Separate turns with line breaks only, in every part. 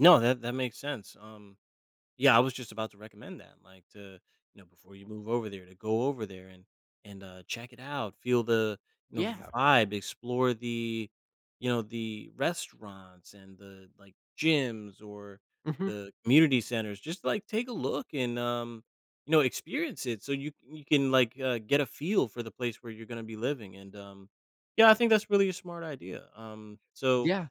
No, that that makes sense, um, yeah, I was just about to recommend that, like t0, you know, before you move over there to go over there and and, uh, check it out, feel the, you know, v
Yeah.
vibe, explore the, you know, the restaurants and the, like, gyms or
Mhm.
the community centers. Just, like, take a look and, um, you know, experience it, so, you you can, like, uh, get a feel for the place where you're gonna be living, and, um, yeah, I think that's really a smart idea, um, so,
Yeah.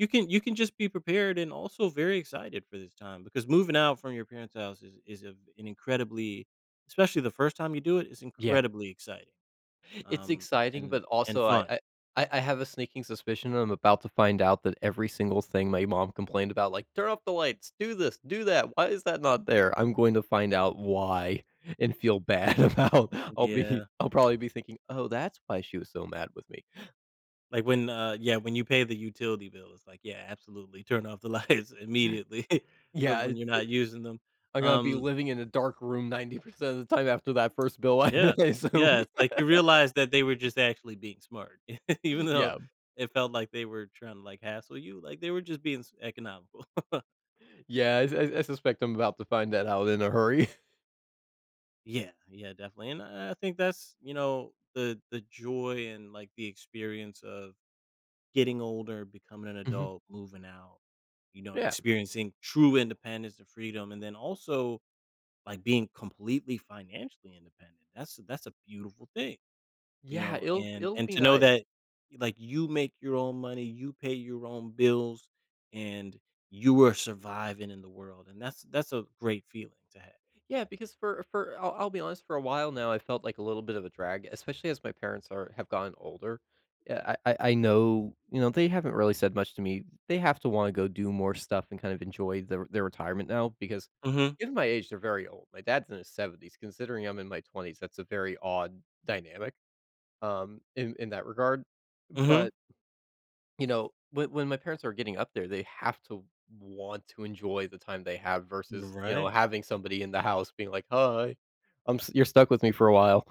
you can you can just be prepared and also very excited for this time because moving out from your parent's house is is, uh, an incredibly, especially the 1st time you do it is
Yeah.
incredibly exciting,
It's
um,
exciting,
and
but
and
also, I
fun.
I I I have a sneaking suspicion, I'm about to find out that every single thing my mom complained about, like, "Turn off the lights, do this, do that. Why is that not there?" I'm going to find out why and feel bad about, I'll be
Yeah.
I'll probably be thinking, "Oh, that's why she was so mad with me."
Like when, uh, yeah, when you pay the utility bill, it's like, yeah, absolutely, turn off the lights immediately. But
Yeah,
when
it's,
you're
eh,
not using them,
I'm gonna be
um
living in a dark room 90% of the time after that 1st bill, I
Yeah,
I
yeah,
assume.
it's like, you realize that they were just actually being smart. Even though
Yeah.
it felt like they were trying to like hassle you, like, they were just being s economical.
Yeah, I s I I suspect I'm about to find that out in a hurry.
Yeah yeah, definitely, and I I think that's, you know, the the joy and, like, the experience of getting older, becoming an
Mhm.
adult, moving out, you know,
Yeah.
experiencing true independence and freedom, and then also, like, being completely financially independent, that's that's a beautiful thing, you
Yeah,
know,
it'll
and
it'll
and
be
to know
nice.
that, like, you make your own money, you pay your own bills, and you are surviving in the world, and that's that's a great feeling to have.
Yeah, because for for, I'll I'll be honest, for a while now, I felt like a little bit of a drag, especially as my parents are have gotten older. Yeah, I I I know, you know, they haven't really said much to me, they have to wanna go do more stuff and kind of enjoy their their retirement now because
Mhm.
in my age, they're very old, my dad's in his 70s, considering I'm in my 20s, that's a very odd dynamic, um, in in that regard,
Mhm.
but you know, when when my parents are getting up there, they have to want to enjoy the time they have
You're
versus, you know,
right.
having somebody in the house being like, "Hi, I'm s you're stuck with me for a while."